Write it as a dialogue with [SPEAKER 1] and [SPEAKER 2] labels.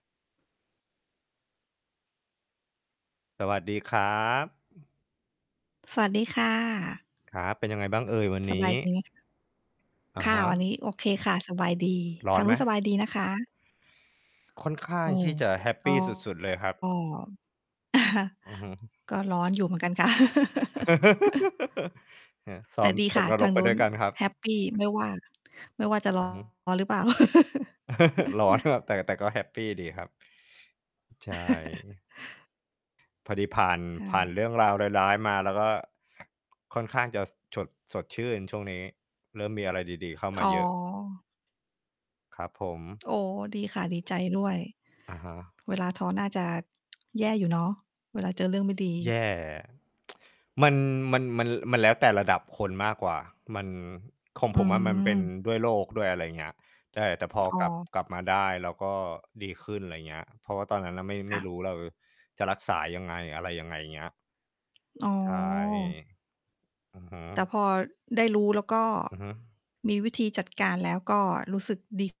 [SPEAKER 1] สวัสดีครับ
[SPEAKER 2] สวัสดีค่ะ
[SPEAKER 1] ครับ เป็นยังไงบ้างเอ่ยวัน
[SPEAKER 2] ส
[SPEAKER 1] น
[SPEAKER 2] บ
[SPEAKER 1] ี
[SPEAKER 2] า
[SPEAKER 1] ้?
[SPEAKER 2] ยดีไหม คะ?
[SPEAKER 1] อะ
[SPEAKER 2] ค่
[SPEAKER 1] ฮ
[SPEAKER 2] ะ วัน
[SPEAKER 1] ะ
[SPEAKER 2] นี้โอเคค่ะ สบายดี
[SPEAKER 1] ร้
[SPEAKER 2] ท
[SPEAKER 1] อ
[SPEAKER 2] า
[SPEAKER 1] น
[SPEAKER 2] งน
[SPEAKER 1] ไ
[SPEAKER 2] ู
[SPEAKER 1] หม?
[SPEAKER 2] ้นสบายดีนะคะ?
[SPEAKER 1] ค่อนข้า
[SPEAKER 2] โอ
[SPEAKER 1] ง
[SPEAKER 2] ้
[SPEAKER 1] ที่จะแฮป
[SPEAKER 2] โฮ
[SPEAKER 1] ป
[SPEAKER 2] ก
[SPEAKER 1] ี
[SPEAKER 2] ็
[SPEAKER 1] สุด ๆ เลยครับ
[SPEAKER 2] ก็
[SPEAKER 1] อือฮึ
[SPEAKER 2] ก็ร้อนอยู่เหมือนกันค่ะ
[SPEAKER 1] เออ ซ้
[SPEAKER 2] แ
[SPEAKER 1] อ
[SPEAKER 2] ต่
[SPEAKER 1] ม
[SPEAKER 2] ดี
[SPEAKER 1] ต
[SPEAKER 2] ค่
[SPEAKER 1] ก
[SPEAKER 2] ะ
[SPEAKER 1] น
[SPEAKER 2] ท
[SPEAKER 1] ร
[SPEAKER 2] า
[SPEAKER 1] ก
[SPEAKER 2] ง
[SPEAKER 1] ไป
[SPEAKER 2] นู
[SPEAKER 1] ด้
[SPEAKER 2] ้น
[SPEAKER 1] วยกันครับ
[SPEAKER 2] แฮปปี ไม่ว่า ไม่ว่าจะ ร้
[SPEAKER 1] อือฮึ
[SPEAKER 2] อน หรือเปล่า
[SPEAKER 1] ร้อน ครับ แต่ แต่ก็แฮปปีดีครับ ใช่ พอดีผ่าน
[SPEAKER 2] ใช
[SPEAKER 1] ผ่าน
[SPEAKER 2] ่
[SPEAKER 1] เรื่องราวร้าย ๆ มา เราก็ ค่อนข้างจะ ส ฉด สดชื่นช่วงนี้ เริ่มมีอะไรดี ๆ เข้าม
[SPEAKER 2] อ๋
[SPEAKER 1] า
[SPEAKER 2] อ
[SPEAKER 1] เยอะ ครับผม
[SPEAKER 2] โอ้โฮ ดีค่ะ ดีใจด้วย
[SPEAKER 1] อะฮะ
[SPEAKER 2] เวลาท้อน่าจะ แย่อยู่เนาะ เวลาเจอเรื่องไม่ดี
[SPEAKER 1] แย่ มัน มัน มัน ล มันแล้วแต่ระดับคนมากกว่า มัน ของ
[SPEAKER 2] อื
[SPEAKER 1] ผมอะมันเป็น
[SPEAKER 2] ม
[SPEAKER 1] ด้วยโรคด้วย อะไรอย่างเงี้ย ใช่ แต่พอ
[SPEAKER 2] อ๋
[SPEAKER 1] กลับ
[SPEAKER 2] อ
[SPEAKER 1] กลับมาได้ เราก็ดีขึ้น ไรเงี้ย เพราะว่าตอนนั้นน่ะไม่
[SPEAKER 2] ค
[SPEAKER 1] ไม
[SPEAKER 2] ่
[SPEAKER 1] ่
[SPEAKER 2] ะ
[SPEAKER 1] รู้เราจะรักษายังไงอะไรยังไง เงี้ย
[SPEAKER 2] อ๋อ
[SPEAKER 1] ใช่ อือฮึ
[SPEAKER 2] แต่พอได้รู้ แล้วก็
[SPEAKER 1] อือฮึ
[SPEAKER 2] มีวิธีจัดการ แล้วรู้สึกดี